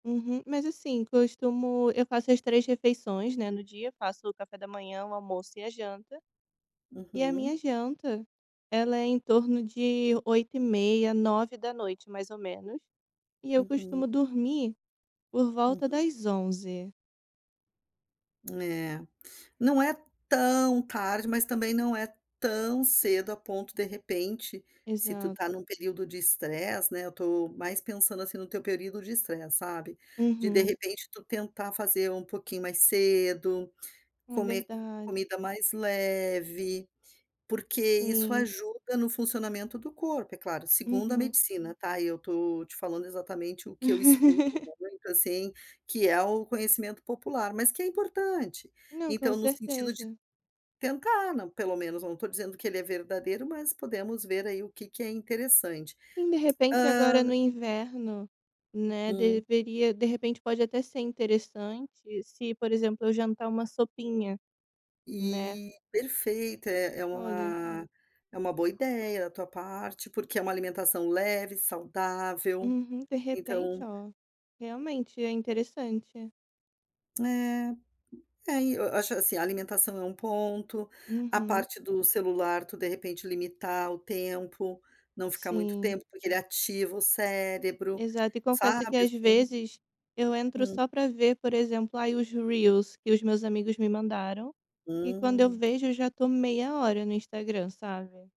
Uhum. Mas, assim, que eu costumo eu faço as 3 refeições, no dia, faço o café da manhã, o almoço, e a janta. E a Uhum. minha janta, ela é em torno de 20:30hrs, 21:00hrs, mais ou menos. E eu Uhum. costumo dormir por volta Uhum. das 23:00 hrs. Eh. Não é tão tarde, mas também não é tão cedo, a ponto de repente, se tu Exato. está num período de stress, né, eu estou mais pensando, assim, no teu período de estresse, sabe, de, de Uhum. repente tu tentar fazer um pouquinho mais cedo, Hum é comer verdade. comida mais leve, porque isso Sim. ajuda no funcionamento do corpo é claro, segundo a Uhum. medicina tá, e eu estou te falando, exatamente o que eu escuto muito, assim, que é o conhecimento popular, mas que é importante. Não, com Então no sentido de certeza. tentar, pelo menos eu não estou dizendo, que ele é verdadeiro, mas podemos ver aí o que que é interessante. Sim, de repente Hã agora no inverno, né, Hum. deveria, de repente pode até ser interessante se, por exemplo, eu jantar uma sopinha, né? E perfeita é é Olha. uma, é uma boa ideia da tua parte, porque é uma alimentação leve, saudável, Uhum, de repente então ó, realmente é interessante. É, é e eu acho, assim, a alimentação é um ponto, a Uhum. parte do celular tu de repente limitar o tempo, não ficar muito Sim. tempo, porque ele ativa o cérebro, Exato, e confesso que sabe, às assim vezes, eu entro hum. só pra ver por exemplo, aí os reels que os meus amigos me mandaram, e quando eu Hum. vejo, eu já estou meia hora no Instagram, sabe?